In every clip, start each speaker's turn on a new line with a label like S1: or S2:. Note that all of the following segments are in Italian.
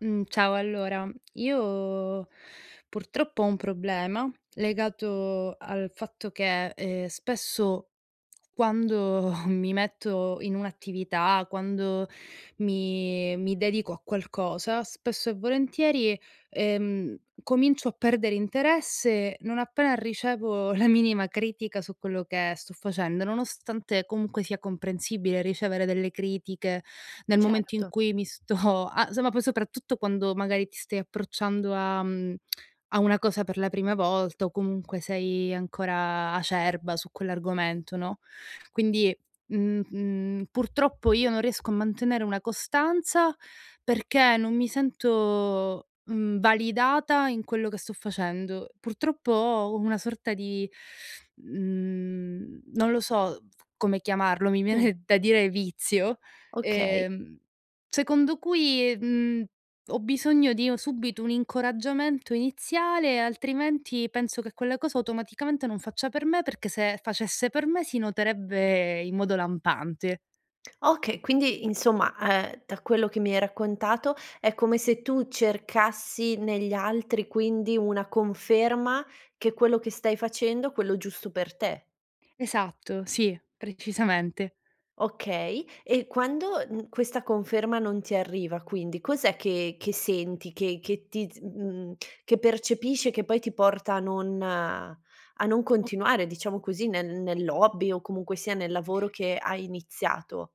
S1: Mhmm, ciao allora io purtroppo ho un problema legato al fatto che, ehm, spesso quando mi metto in un'attività, quando mi mi dedico a qualcosa, spesso e volentieri, ehm, comincio a perdere interesse non appena ricevo la minima critica su quello che sto facendo, nonostante comunque sia comprensibile ricevere delle critiche, nel momento in
S2: Certo.
S1: cui mi sto a somma poi soprattutto quando magari ti stai approcciando a mhmm, a una cosa per la prima volta o comunque sei ancora acerba su quell'argomento, no, quindi, mhmm, mhmm, purtroppo io non riesco a mantenere una costanza perché non mi sento, mhmm, validata in quello che sto facendo. Purtroppo ho una sorta di, mhmm, non lo so f come chiamarlo, mi
S2: Mh.
S1: viene da dire vizio,
S2: Okay.
S1: ehm, secondo cui, mhmm, ho bisogno di o subito un incoraggiamento iniziale, altrimenti penso che quella cosa automaticamente non faccia per me, perché se facesse per me si noterebbe in modo lampante.
S2: Okay, quindi insomma, ehm, da quello che mi hai raccontato, è come se tu cercassi negli altri quindi una conferma che quello che stai facendo, quello giusto per te.
S1: Esatto, sì, precisamente.
S2: Okay, e quando, mhmm, questa conferma non ti arriva quindi, cos'è che che senti che che ti z mhmm, che percepisce, che poi ti porta a non a non
S1: O
S2: continuare, diciamo così, nel nell'hobby o comunque sia nel lavoro che hai iniziato?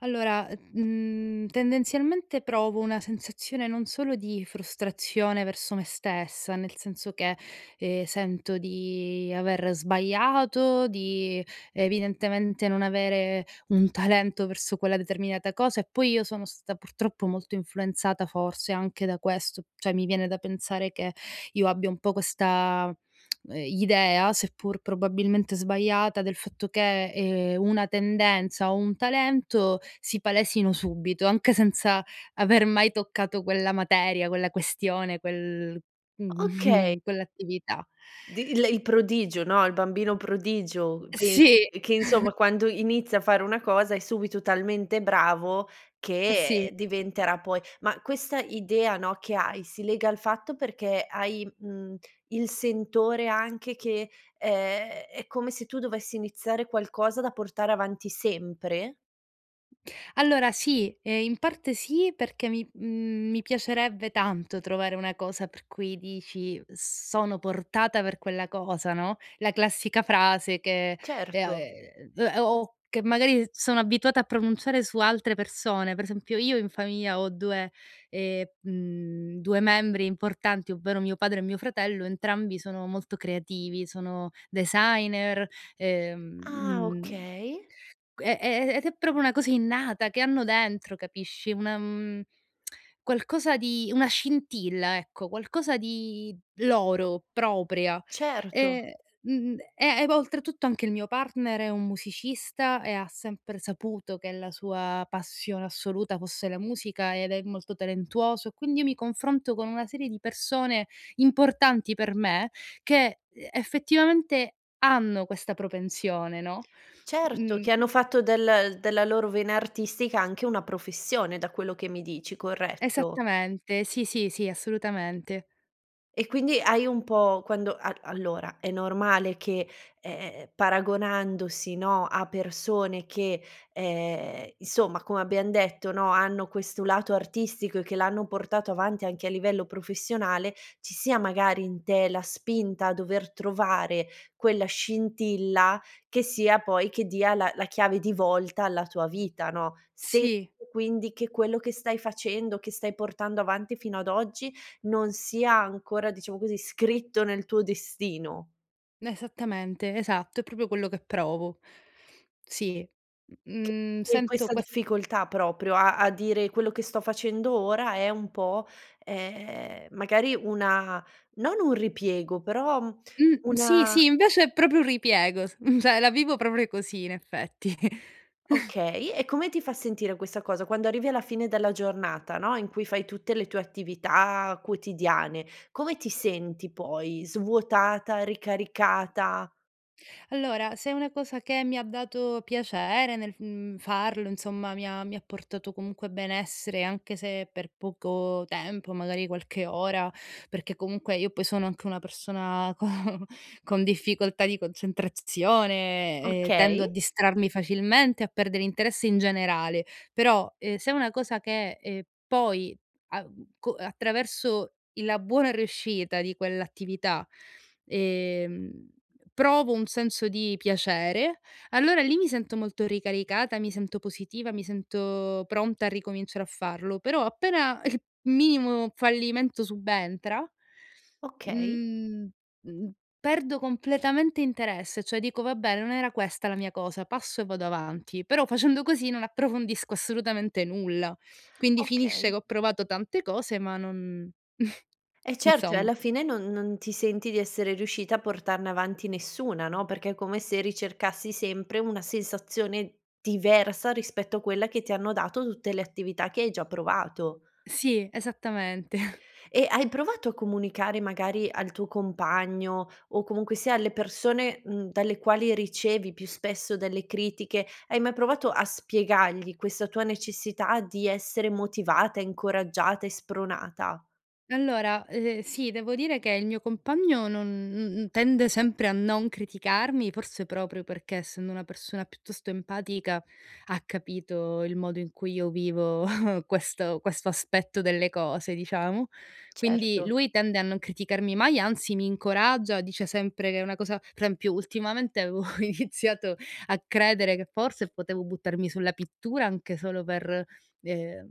S1: Allora, ehm, mhmm, tendenzialmente provo una sensazione non solo di frustrazione verso me stessa, nel senso che, ehm, sento di aver sbagliato, di evidentemente non avere un talento verso quella determinata cosa. E poi io sono stata purtroppo molto influenzata forse anche da questo. Cioè, mi viene da pensare che io abbia un po' questa, ehm, idea, seppur probabilmente sbagliata, del fatto che, ehm, una tendenza o un talento si palesino subito, anche senza aver mai toccato quella materia, quella questione, quel
S2: Okay.
S1: mhmm, quell'attività.
S2: Di lei prodigio, no, il bambino prodigio. Pensi
S1: Sì.
S2: che che, insomma, quando inizia a fare una cosa è subito talmente bravo che
S1: Sì.
S2: diventerà poi ma questa idea, no, che hai, si lega al fatto perché hai, mhmm, il sentore anche che, ehm, è come se tu dovessi iniziare qualcosa da portare avanti sempre?
S1: Allora, sì, ehm, in parte sì, perché mi mhmm, mi piacerebbe tanto trovare una cosa per cui dici: "Sono portata per quella cosa," no, la classica frase che, ehm, a
S2: Certo.
S1: ehm, d o o che magari sono abituata a pronunciare su altre persone, per esempio: io in famiglia ho 2 ehm, mhmm, 2 membri importanti, ovvero mio padre e mio fratello, entrambi sono molto creativi, sono designer, uhm,
S2: Ah,
S1: mhmm
S2: okay.
S1: q e e ed è proprio una cosa innata, che hanno dentro, capisci, una mhmm, qualcosa di una scintilla, ecco, qualcosa di loro, propria.
S2: Certo.
S1: E, mhmm, e e vo oltretutto anche il mio partner è un musicista e ha sempre saputo che la sua passione assoluta fosse la musica, ed è molto talentuoso, e quindi io mi confronto con una serie di persone importanti per me, che, uhm, effettivamente hanno questa propensione, no,
S2: Certo, che hanno
S1: mhmm
S2: fatto del della loro vena artistica anche una professione, da quello che mi dici, corretto?
S1: Esattamente, sì, sì, sì, assolutamente.
S2: E quindi hai un po' quando a allora è normale che, ehm, paragonandosi, no, a persone che, ehm, insomma, come abbiam detto, no, hanno questo lato artistico e che l'hanno portato avanti anche a livello professionale, ci sia magari in te la spinta a dover trovare quella scintilla che sia poi che dia la la chiave di volta alla tua vita, no? Se
S1: Sì.
S2: e quindi che quello che stai facendo, che stai portando avanti fino ad oggi, non sia ancora, diciamo così, scritto nel tuo destino.
S1: Esattamente. Esatto. È proprio quello che provo. Sì, m
S2: Che
S1: mhmm,
S2: e
S1: sento
S2: questa
S1: ques
S2: difficoltà proprio a a dire: quello che sto facendo ora è un po', ehm, magari una, non un ripiego, però, mhmm,
S1: Mh. Sì,
S2: una
S1: sì, invece è proprio un ripiego, s m cioè la vivo proprio così in effetti.
S2: Okay, e come ti fa sentire questa cosa, quando arrivi alla fine della giornata, no, in cui fai tutte le tue attività quotidiane, come ti senti poi, svuotata? Ricaricata?
S1: Allora, se è una cosa che mi ha dato piacere nel f mhmm, farlo, insomma, mi ha mi ha portato comunque benessere, anche se per poco tempo, magari qualche ora, perché comunque io poi sono anche una persona co con difficoltà di concentrazione e tendo
S2: Okay.
S1: a distrarmi facilmente a perdere interesse in generale, però, ehm, se è una cosa che e poi a co attraverso la buona riuscita di quell'attività, ehm, provo un senso di piacere, allora lì mi sento molto ricaricata, mi sento positiva, mi sento pronta a ricominciare a farlo, però appena il minimo fallimento subentra,
S2: Okay.
S1: mhmm mhmm, perdo completamente interesse, cioè dico: "Vabbè, non era questa la mia cosa, passo e vado avanti". Però facendo così non approfondisco assolutamente nulla. Quindi finisce
S2: Okay.
S1: che ho provato tante cose ma non
S2: Eh certo, e
S1: insomma.
S2: alla fine non non ti senti di essere riuscita a portarne avanti nessuna, no? Perché è come se ricercassi sempre una sensazione diversa rispetto a quella che ti hanno dato tutte le attività che hai già provato.
S1: Sì, esattamente.
S2: E hai provato a comunicare magari al tuo compagno o comunque sia alle persone, mhmm, dalle quali ricevi più spesso delle critiche, hai mai provato a spiegargli questa tua necessità di essere motivata, incoraggiata e spronata?
S1: Allora, eh, sì, devo dire che il mio compagno non n tende sempre a non criticarmi, forse proprio perché, essendo una persona piuttosto empatica, ha capito il modo in cui io vivo questo questo aspetto delle cose, diciamo. Quindi
S2: Certo.
S1: lui tende a non criticarmi mai, anzi mi incoraggia, dice sempre che è una cosa pre esempio, ultimamente avevo iniziato a credere che forse potevo buttarmi sulla pittura anche solo per, ehm,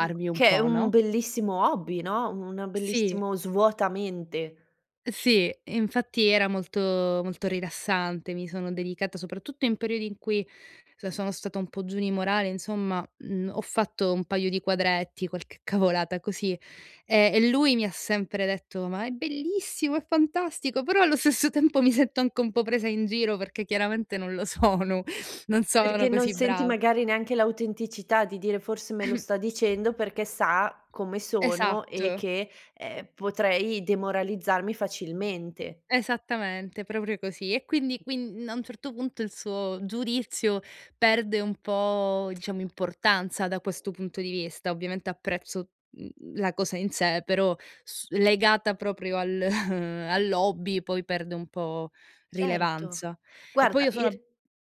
S2: Mh,
S1: un
S2: che è
S1: po',
S2: un
S1: no?
S2: bellissimo hobby, no, una
S1: Sì.
S2: bellissimo svuota mente.
S1: Sì, infatti era molto, molto rilassante. Mi sono dedicata soprattutto in periodi in cui, sono stata un po' giù di morale, insomma, mhmm, ho fatto un paio di quadretti, qualche cavolata così, e e lui mi ha sempre detto: “Ma è bellissimo, è fantastico.” Però allo stesso tempo mi sento anche un po' presa in giro, perché chiaramente non lo sono, non sono
S2: Perché non
S1: così
S2: senti
S1: brava.
S2: magari neanche l'autenticità di dire: "Forse me lo
S1: Ehm
S2: sta dicendo perché sa come sono e
S1: Esatto.
S2: che, ehm, potrei demoralizzarmi facilmente."
S1: Esattamente, proprio così. E quindi quin a un certo punto il suo giudizio perde un po', diciamo, importanza da questo punto di vista. Ovviamente apprezzo, mhmm, la cosa in sé, però s legata proprio al all'hobby, poi perde un po'
S2: Certo,
S1: rilevanza. E poi
S2: guarda
S1: io
S2: in
S1: sono ab
S2: r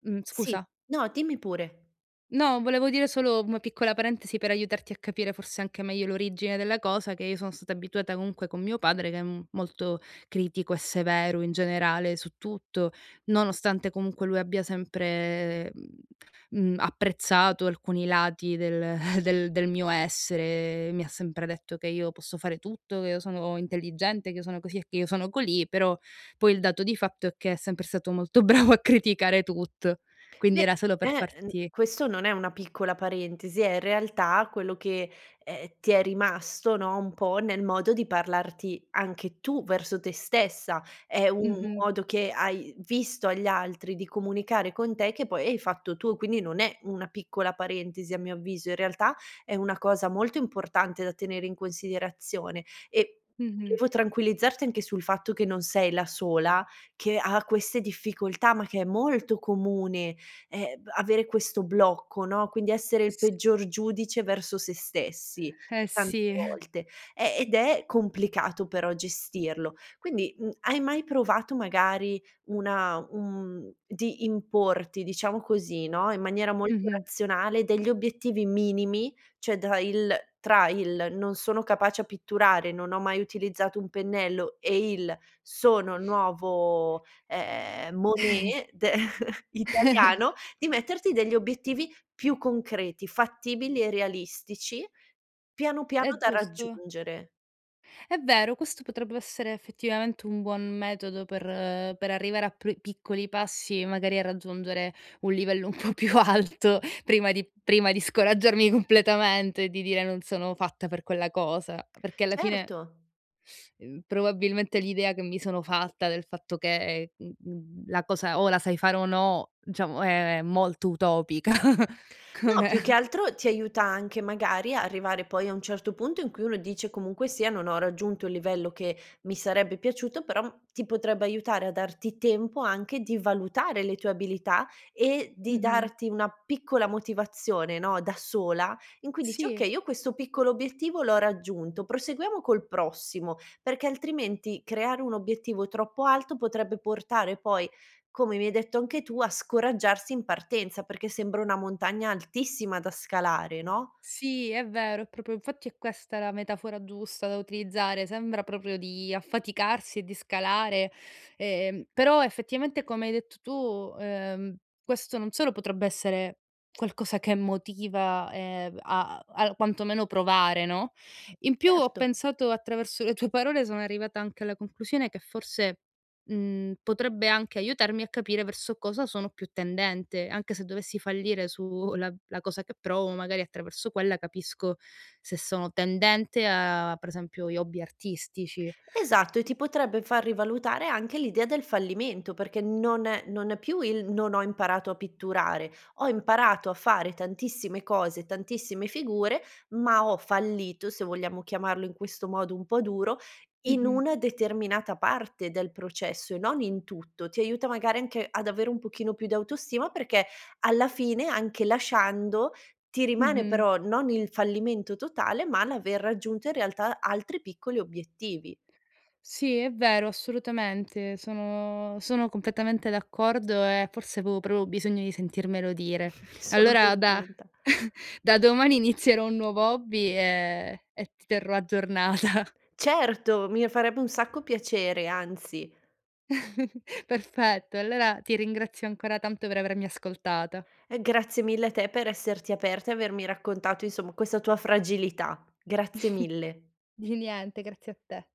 S1: mh,
S2: sì
S1: scusa.
S2: no, dimmi pure.
S1: No, volevo dire solo, mhmm, una piccola parentesi per aiutarti a capire forse anche meglio l'origine della cosa, che io sono stata abituata comunque con mio padre, che è, mhmm, molto critico e severo in generale su tutto, nonostante comunque lui abbia sempre, mhmm mhmm, apprezzato alcuni lati del del del mio essere e mi ha sempre detto che io posso fare tutto, che io sono intelligente, che io sono così e che io sono colì; però poi il dato di fatto è che è sempre stato molto bravo a criticare tutto.
S2: Ve
S1: Quindi era solo per
S2: eh ehm,
S1: farti
S2: questo non è una piccola parentesi è in realtà quello che, e ehm, ti è rimasto, no, un po' nel modo di parlarti anche tu verso te stessa. È u un
S1: Mh-mh.
S2: modo che hai visto agli altri di comunicare con te che poi hai fatto tu, quindi non è una piccola parentesi a mio avviso, in realtà è una cosa molto importante da tenere in considerazione. E
S1: Mh-mh.
S2: volevo tranquillizzarti anche sul fatto che non sei la sola che ha queste difficoltà, ma che è molto comune, e ehm, avere questo blocco, no, quindi essere il
S1: S
S2: peggior giudice verso se stessi,
S1: Eh
S2: tante
S1: sì.
S2: volte; e ed è complicato però gestirlo. Quindi, mhmm, hai mai provato magari una un mhmm, di importi, diciamo così, no, in maniera molto
S1: Mh-mh.
S2: razionale, degli obiettivi minimi? Cioè, da il tra il “Non sono capace a pitturare, non ho mai utilizzato un pennello” e il “Sono il nuovo, ehm, Monet italiano”, di metterti degli obiettivi più concreti, fattibili e realistici, piano piano,
S1: È
S2: da
S1: giusto.
S2: raggiungere.
S1: È vero, questo potrebbe essere effettivamente un buon metodo per per arrivare a pr piccoli passi, magari, a raggiungere un livello un po' più alto prima di prima di scoraggiarmi completamente e di dire: “Non sono fatta per quella cosa”; perché alla fine
S2: Certo.
S1: uhm, probabilmente l'idea che mi sono fatta del fatto che, mh-mhmm, la cosa o la sai fare o no, diciamo è è molto utopica
S2: No, più che
S1: come
S2: altro ti aiuta anche magari a arrivare poi a un certo punto in cui uno dice: “Comunque sia, non ho raggiunto il livello che mi sarebbe piaciuto,” però ti potrebbe aiutare a darti tempo anche di valutare le tue abilità e di
S1: Mh-mh.
S2: darti una piccola motivazione, no, da sola, in cui dici:
S1: Sì.
S2: “Okay, io questo piccolo obiettivo l'ho raggiunto, proseguiamo col prossimo,” perché altrimenti creare un obiettivo troppo alto potrebbe portare poi, come mi hai detto anche tu, a scoraggiarsi in partenza, perché sembra una montagna altissima da scalare, no?
S1: Sì, è vero, è proprio infatti è questa la metafora giusta da utilizzare, sembra proprio di affaticarsi e di scalare. Ehm, però effettivamente, come hai detto tu, ehm, questo non solo potrebbe essere qualcosa che motiva, e b a a a quanto meno provare, no. In più ho
S2: Certo.
S1: pensato attraverso le tue parole sono arrivata anche alla conclusione che forse, mhmm, potrebbe anche aiutarmi a capire verso cosa sono più tendente. Anche se dovessi fallire su la la cosa che provo, magari attraverso quella capisco se sono tendente a, per esempio, gli hobby artistici.
S2: Esatto, e
S1: Mh.
S2: ti potrebbe far rivalutare anche l'idea del fallimento, perché non è non è più il: “Non ho imparato a pitturare. Ho imparato a fare tantissime cose, tantissime figure, ma ho fallito", se vogliamo chiamarlo in questo modo un po' duro, "in
S1: Mh-mh.
S2: una determinata parte del processo e non in tutto." Ti aiuta magari anche ad avere un pochino più d'autostima, perché alla fine anche lasciando, ti rimane
S1: Mh-mh.
S2: però non il fallimento totale, ma l'aver raggiunto in realtà altri piccoli obiettivi.
S1: Sì, è vero, assolutamente. Sono sono completamente d'accordo e forse avevo proprio bisogno di sentirmelo dire.
S2: Sono
S1: Allora da
S2: contenta.
S1: da domani inizierò un nuovo hobby e e ti terrò aggiornata.
S2: Certo, mi farebbe un sacco piacere, anzi.
S1: Perfetto, allora ti ringrazio ancora tanto per avermi ascoltata.
S2: E grazie mille a te per esserti aperta e avermi raccontato, insomma, questa tua fragilità. Grazie mille.
S1: Di niente, grazie a te.